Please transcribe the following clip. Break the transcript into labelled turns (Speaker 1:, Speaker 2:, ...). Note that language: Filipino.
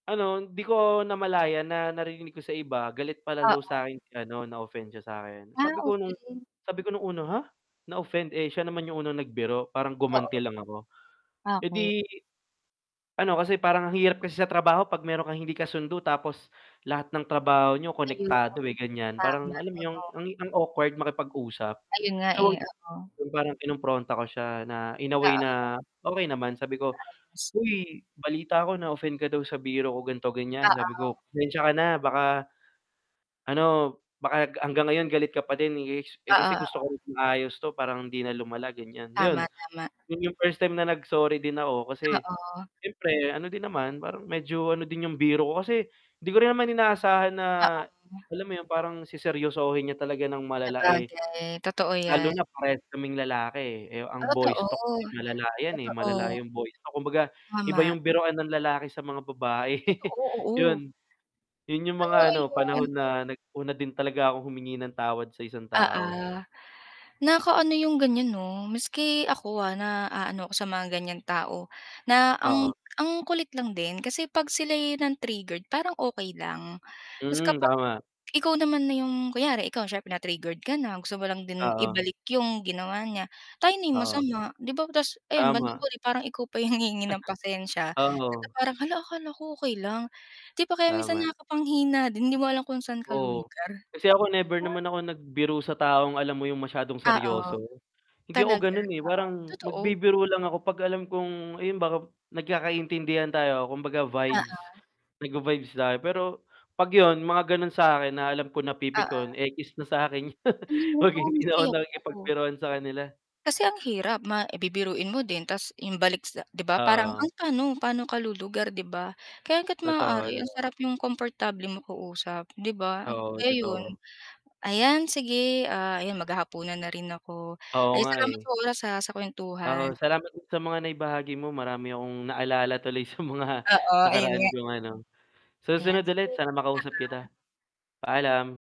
Speaker 1: Ano hindi ko namalayan na naririnig ko sa iba, galit pala daw
Speaker 2: Oo.
Speaker 1: sakin si ano na-offend siya sa akin,
Speaker 2: Ah,
Speaker 1: sabi ko nung
Speaker 2: okey.
Speaker 1: sabi ko nung una "Ha? Na-offend, eh, siya naman yung unang nagbiro, parang
Speaker 2: Oo.
Speaker 1: gumanti lang ako." Eh,
Speaker 2: Okey.
Speaker 1: 'di ano kasi parang ang hirap kasi sa trabaho 'pag meron kang hindi kasundo tapos lahat ng trabaho niyo
Speaker 2: Ayun.
Speaker 1: konektado, eh, ganyan, parang
Speaker 2: Tama,
Speaker 1: alam mo yung
Speaker 2: oo.
Speaker 1: ang ang awkward makipag-usap.
Speaker 2: Ayun nga
Speaker 1: So
Speaker 2: eh, oo
Speaker 1: 'yun parang kinumpronta ko siya na in a way
Speaker 2: Oo.
Speaker 1: na okey naman sabi ko,
Speaker 2: Naayos mo.
Speaker 1: "Uy, balita ko na-offend ka daw sa biro ko ganito-ganyan." sabi ko,
Speaker 2: Oo.
Speaker 1: "Pasensya ka na baka, ano, baka hanggang ngayon galit ka pa din, eeks eh,
Speaker 2: Oo,
Speaker 1: kasi gusto ko
Speaker 2: oo.
Speaker 1: rin maayos 'to para hindi na lumala," ganyan. Yun,
Speaker 2: Tama, tama.
Speaker 1: yun yung first time na nag-sorry din ako kasi,
Speaker 2: Oo.
Speaker 1: siyempre ano din naman, parang medyo ano din yung biro ko. Kasi, di ko rin naman inaasahan na,
Speaker 2: Oo.
Speaker 1: alam mo yun parang seseryosohin niya talaga ng malala, eh,
Speaker 2: Sabagay, totoo
Speaker 1: lalo
Speaker 2: yan.
Speaker 1: na parehas kaming lalaki. Eh, ang boys
Speaker 2: Totoo,
Speaker 1: talk kasi malala 'yan, eh, malala
Speaker 2: totoo.
Speaker 1: yung boys talk. Kumbaga, iba
Speaker 2: Tama.
Speaker 1: yung biruan ng lalaki sa mga babae
Speaker 2: Totoo, oo.
Speaker 1: yun. Yun yung
Speaker 2: Kaya
Speaker 1: mga ano,
Speaker 2: ayun.
Speaker 1: panahon na nag una din talaga akong humingi ng tawad sa isang
Speaker 2: Oo.
Speaker 1: tao.
Speaker 2: Nakakaano 'yong ganyan 'no? Maski ako, ah, na aano ako sa mga ganyang tao, na ang
Speaker 1: Oo.
Speaker 2: ang kulit lang din kasi 'pag sila yung ng triggered parang okey lang. Ta's
Speaker 1: Hmm,
Speaker 2: kapag
Speaker 1: tama.
Speaker 2: ikaw naman na 'yong kunyari, ikaw siyempre na-triggered ka na, gusto mo lang din
Speaker 1: Oo.
Speaker 2: ibalik yung ginawa niya, tayo na yung
Speaker 1: Oo.
Speaker 2: masama 'di ba ta's ayan, bandang
Speaker 1: Tama.
Speaker 2: huli parang ikaw pa yung hihingi ng pasensya, na
Speaker 1: Oo.
Speaker 2: parang "Hala, akala ko okey lang?" 'Di ba kaya minsan
Speaker 1: Tama.
Speaker 2: nakakapanghina din hindi mo alam kung saan ka
Speaker 1: Oo.
Speaker 2: lulugar.
Speaker 1: Kasi ako
Speaker 2: 'Di
Speaker 1: never
Speaker 2: ba?
Speaker 1: naman ako nagbiro sa taong alam mo yung masyadong
Speaker 2: Oo.
Speaker 1: seryoso? Hindi ako
Speaker 2: Talaga,
Speaker 1: ganun, eh,
Speaker 2: oo,
Speaker 1: parang
Speaker 2: totoo.
Speaker 1: magbibiro lang ako 'pag alam kong ayun ba nagkakaintindihan tayo, kumbaga vibes.
Speaker 2: Oo.
Speaker 1: Nagva-vibes tayo pero, 'pag yun, mga ganun sakin na alam ko napipikon,
Speaker 2: Oo.
Speaker 1: ekis na sakin yun 'pag hindi na ako
Speaker 2: [unintelligible]
Speaker 1: nakikipagbiruan sa kanila.
Speaker 2: Kasi ang hirap, ma eh, bibiruin mo din ta's 'yong balik sa 'di ba parang
Speaker 1: Oo.
Speaker 2: ang tanong pa'no ka lulugar 'di ba. Kaya hangga't
Speaker 1: Totoo.
Speaker 2: maaari ang
Speaker 1: [unintelligible]
Speaker 2: sarap 'yong komportable mag-uusap 'di ba, ang
Speaker 1: Oo,
Speaker 2: kaya 'yun.
Speaker 1: totoo.
Speaker 2: Ayan sige, ah, ayan maghahapunan na rin ako,
Speaker 1: Oo
Speaker 2: ay
Speaker 1: nga,
Speaker 2: salamat
Speaker 1: eh.
Speaker 2: sa oras, ah, sa
Speaker 1: Oo,
Speaker 2: kuwentuhan.
Speaker 1: salamat din sa mga na-ibahagi mo, marami akong naalala tuloy sa mga
Speaker 2: Oo, ayun
Speaker 1: nakaraan
Speaker 2: nga.
Speaker 1: kong ano,
Speaker 2: Ayan
Speaker 1: susunod
Speaker 2: sige,
Speaker 1: ulit sana
Speaker 2: oo.
Speaker 1: makausap kita. Paalam.